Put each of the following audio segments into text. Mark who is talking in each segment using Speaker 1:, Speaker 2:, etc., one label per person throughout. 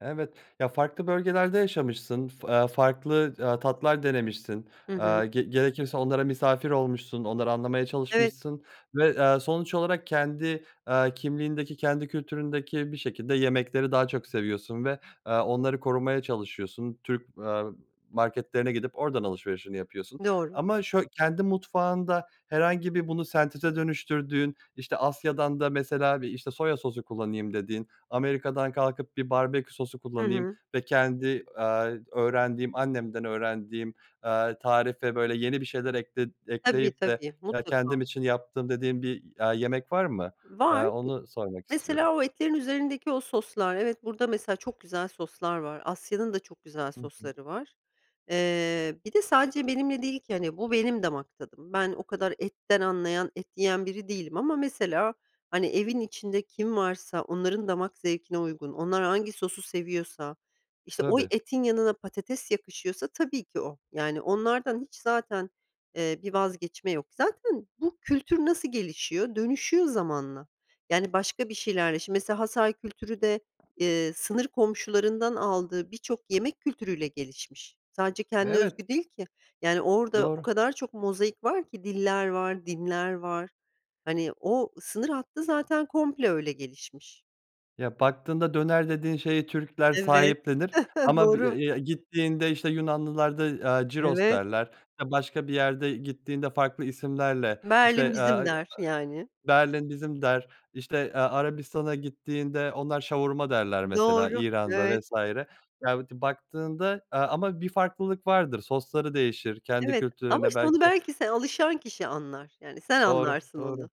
Speaker 1: Evet. Ya, farklı bölgelerde yaşamışsın fı eee, farklı, aaa, tatlar denemişsin.
Speaker 2: Hı hı.
Speaker 1: Aaa, ge gerekirse onlara misafir olmuşsun onları anlamaya
Speaker 2: Evet.
Speaker 1: çalışmışsın ve, aaa, sonuç olarak kendi, aaa, kimliğindeki kendi kültüründeki bir şekilde yemekleri daha çok seviyorsun ve, aaa, onları korumaya çalışıyorsun. Türk, eee, marketlerine gidip oradan alışverişini yapıyorsun
Speaker 2: Doğru.
Speaker 1: ama şöy Kendi mutfağında herhangi bir bunu senteze dönüştürdüğün, işte Asya'dan da mesela işte bir soya sosu kullanayım dediğin, Amerika'dan kalkıp bir barbekü sosu
Speaker 2: Hı
Speaker 1: kullanayım
Speaker 2: hı.
Speaker 1: ve kendi, aaa, öğrendiğim annemden öğrendiğim, eee, tarife böyle yeni bir şeyler ekle
Speaker 2: Tabii
Speaker 1: ekleyip de
Speaker 2: tabii
Speaker 1: ke kendim
Speaker 2: mutlaka.
Speaker 1: için yaptığım dediğin bir, aaa, yemek var mı,
Speaker 2: Var.
Speaker 1: aaa, onu sormak istiyorum.
Speaker 2: Mesela o etlerin üzerindeki o soslar. Evet burada mesela çok güzel soslar var Asya'nın da çok güzel
Speaker 1: Hı hı.
Speaker 2: sosları var. Eee, bir de sadece benimle değil ki hani bu benim damak tadım ben o kadar etten anlayan, et yiyen biri değilim ama mesela hani evin içinde kim varsa onların damak zevkine uygun onlar hangi sosu seviyorsa işte oy
Speaker 1: Tabii.
Speaker 2: etin yanına patates yakışıyorsa tabii ki o. Yani, onlardan hiç zaten, eee, bir vazgeçme yok zaten bu kültür nasıl gelişiyor dönüşüyor zamanla yani başka bir şeylerle şimdi mesela Hatay kültürü de, eee, sınır komşularından aldığı birçok yemek kültürüyle gelişmiş sadece kendine
Speaker 1: Evet.
Speaker 2: özgü değil ki yani orada o
Speaker 1: Doğru.
Speaker 2: kadar çok mozaik var ki diller var dinler var hani o sınır hattı zaten komple öyle gelişmiş.
Speaker 1: Ya, baktığında döner dediğin şeyi Türkler
Speaker 2: Evet,
Speaker 1: sahiplenir ama bi ya
Speaker 2: doğru.
Speaker 1: ya, gittiğinde işte Yunanlılar da, aaa, gyros
Speaker 2: Evet.
Speaker 1: derler, eee, başka bir yerde gittiğinde farklı isimlerle
Speaker 2: Berlin
Speaker 1: işte,
Speaker 2: bizim
Speaker 1: eee,
Speaker 2: der, yani.
Speaker 1: Berlin bizim der, işte, eee, Arabistan'a gittiğinde onlar şavurma derler mesela
Speaker 2: Doğru,
Speaker 1: İran'da
Speaker 2: evet.
Speaker 1: vs. Ya ti baktığında, aaa, ama bir farklılık vardır sosları değişir kendi
Speaker 2: Evet ama
Speaker 1: kültürlerinde
Speaker 2: işte onu
Speaker 1: belki
Speaker 2: belki se alışan kişi anlar, yani sen
Speaker 1: Doğru,
Speaker 2: anlarsın
Speaker 1: doğru.
Speaker 2: onu.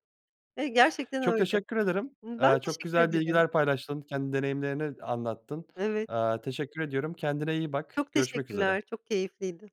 Speaker 2: Hani gerçekten
Speaker 1: Çok
Speaker 2: öyle.
Speaker 1: teşekkür ederim,
Speaker 2: Ben
Speaker 1: aaa, çok
Speaker 2: teşekkür
Speaker 1: güzel
Speaker 2: ederim.
Speaker 1: bilgiler paylaştın kendi deneyimlerini anlattın,
Speaker 2: Evet.
Speaker 1: aaa, teşekkür ediyorum kendine iyi bak
Speaker 2: Çok
Speaker 1: görüşmek üzere.
Speaker 2: teşekkürler, çok keyifliydi.